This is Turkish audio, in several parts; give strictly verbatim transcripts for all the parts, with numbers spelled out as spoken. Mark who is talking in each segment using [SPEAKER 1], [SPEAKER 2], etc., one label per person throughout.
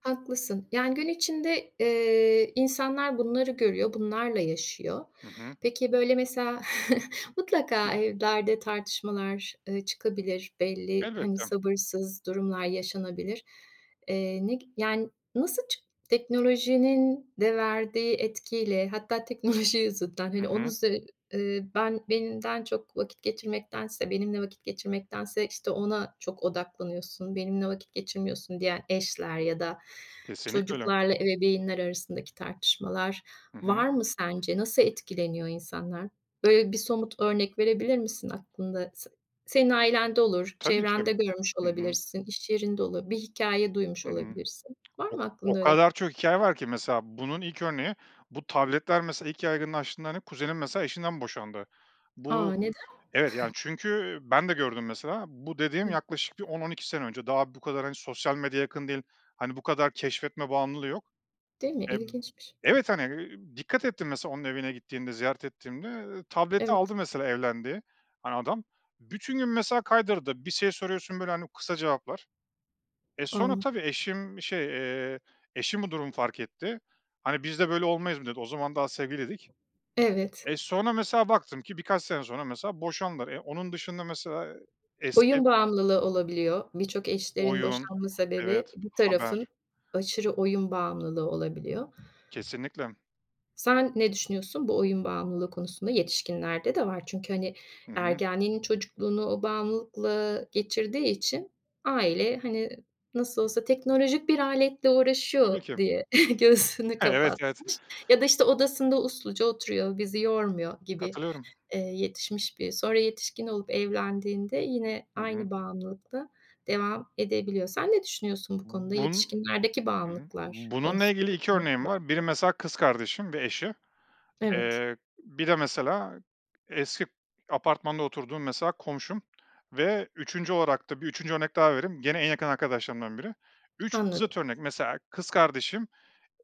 [SPEAKER 1] Haklısın. Yani, gün içinde, eee, insanlar bunları görüyor, bunlarla yaşıyor.
[SPEAKER 2] Hı hı.
[SPEAKER 1] Peki, böyle mesela mutlaka evlerde tartışmalar, eee, çıkabilir. Belli, hani,
[SPEAKER 2] Elbette.
[SPEAKER 1] sabırsız durumlar yaşanabilir. Eee, ne gi yani, nasıl çıkt teknolojinin de verdiği etkiyle, hatta teknoloji yüzünden,
[SPEAKER 2] Hı
[SPEAKER 1] hani, onun
[SPEAKER 2] hı.
[SPEAKER 1] zü eee, "Ben benden çok vakit geçirmektense benimle vakit geçirmektense, işte, ona çok odaklanıyorsun. Benimle vakit geçirmiyorsun." diyen eşler ya da
[SPEAKER 2] Kesinlikle öyle.
[SPEAKER 1] çocuklarla ebeveynler arasındaki tartışmalar
[SPEAKER 2] Hı hı.
[SPEAKER 1] var mı sence? Nasıl etkileniyor insanlar? Böyle bir somut örnek verebilir misin aklında? Se senin ailende olur,
[SPEAKER 2] Tabii ki.
[SPEAKER 1] çevrende görmüş
[SPEAKER 2] Hı hı.
[SPEAKER 1] olabilirsin, iş yerinde olur, bir hikâye duymuş
[SPEAKER 2] Hı hı.
[SPEAKER 1] olabilirsin. Var
[SPEAKER 2] O
[SPEAKER 1] mı
[SPEAKER 2] o
[SPEAKER 1] aklında öyle?
[SPEAKER 2] kadar çok hikâye var ki. Mesela bunun ilk örneği bu tabletler. Mesela ilk yaygınlaştığında, hani, kuzenim mesela eşinden boşandı. Bu,
[SPEAKER 1] A, neden?
[SPEAKER 2] evet. Yani, çünkü, eee, ben de gördüm mesela. Bu dediğim
[SPEAKER 1] Hı hı.
[SPEAKER 2] yaklaşık bir on on iki sene önce. Daha bu kadar, hani, sosyal medya yakın değil, hani, bu kadar keşfetme bağımlılığı yok.
[SPEAKER 1] Değil mi?
[SPEAKER 2] Eee,
[SPEAKER 1] İlginçmiş.
[SPEAKER 2] evet, hani, eee, dikkat ettim mesela onun evine gittiğimde, ziyaret ettiğimde, eee, tableti
[SPEAKER 1] Evet.
[SPEAKER 2] aldı mesela evlendiği, hani, adam. Bütün gün mesela kaydırdı. Bir şey soruyorsun, böyle, hani, kısa cevaplar. Eee, sonra tabii
[SPEAKER 1] [unintelligible]
[SPEAKER 2] eşim şey, eee, eşim bu durumu fark etti. Hani, "Biz de böyle olmayız." [unintelligible] dedi. O zaman daha sevgiliydik.
[SPEAKER 1] Evet.
[SPEAKER 2] Eee, sonra mesela baktım ki birkaç sene sonra mesela boşandılar. Eee, onun dışında mesela e eski
[SPEAKER 1] Oyun bağımlılığı olabiliyor. Birçok eşlerin
[SPEAKER 2] Oyun,
[SPEAKER 1] boşanma sebebi
[SPEAKER 2] evet,
[SPEAKER 1] bir tarafın
[SPEAKER 2] haber.
[SPEAKER 1] aşırı oyun bağımlılığı olabiliyor.
[SPEAKER 2] Kesinlikle.
[SPEAKER 1] Sen ne düşünüyorsun bu oyun bağımlılığı konusunda? Yetişkinlerde de var. Çünkü, hani,
[SPEAKER 2] Hı hı.
[SPEAKER 1] ergenliğini, çocukluğunu o bağımlılıkla geçirdiği için aile, hani, "Nasıl olsa teknolojik bir aletle
[SPEAKER 2] Tabii
[SPEAKER 1] uğraşıyor."
[SPEAKER 2] ki.
[SPEAKER 1] diye göğsünü
[SPEAKER 2] Evet, evet.
[SPEAKER 1] kapatmış ya da işte odasında usluca oturuyor, bizi yormuyor gibi,
[SPEAKER 2] Katılıyorum.
[SPEAKER 1] eee, yetişmiş biri sonra yetişkin olup evlendiğinde yine
[SPEAKER 2] Hı hı.
[SPEAKER 1] aynı bağımlılıkta devam edebiliyor. Sen ne düşünüyorsun bu konuda,
[SPEAKER 2] B bun
[SPEAKER 1] yetişkinlerdeki
[SPEAKER 2] hı hı.
[SPEAKER 1] bağımlılıklar
[SPEAKER 2] Bununla
[SPEAKER 1] konusunda?
[SPEAKER 2] ilgili iki örneğim var. Biri
[SPEAKER 1] [unintelligible]
[SPEAKER 2] mesela kız kardeşim ve eşi,
[SPEAKER 1] Evet.
[SPEAKER 2] eee, bir de mesela eski k apartmanda oturduğum mesela komşum ve üçüncü olarak da bir üçüncü örnek daha vereyim. Gene en yakın arkadaşlarımdan biri. üç zıt
[SPEAKER 1] Anladım.
[SPEAKER 2] örnek. Mesela kız kardeşim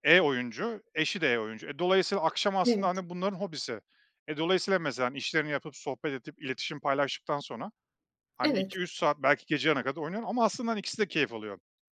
[SPEAKER 2] e oyuncu, eşi de e oyuncu. Dolayısıyla akşam
[SPEAKER 1] Evet.
[SPEAKER 2] aslında bunların hobisi. E, dolayısıyla mesela işlerini yapıp, sohbet edip, iletişim paylaştıktan sonra, hani,
[SPEAKER 1] Evet.
[SPEAKER 2] iki üç saat belki gece yarılarına kadar oynuyorlar. Ama aslında ikisi de keyif alıyor.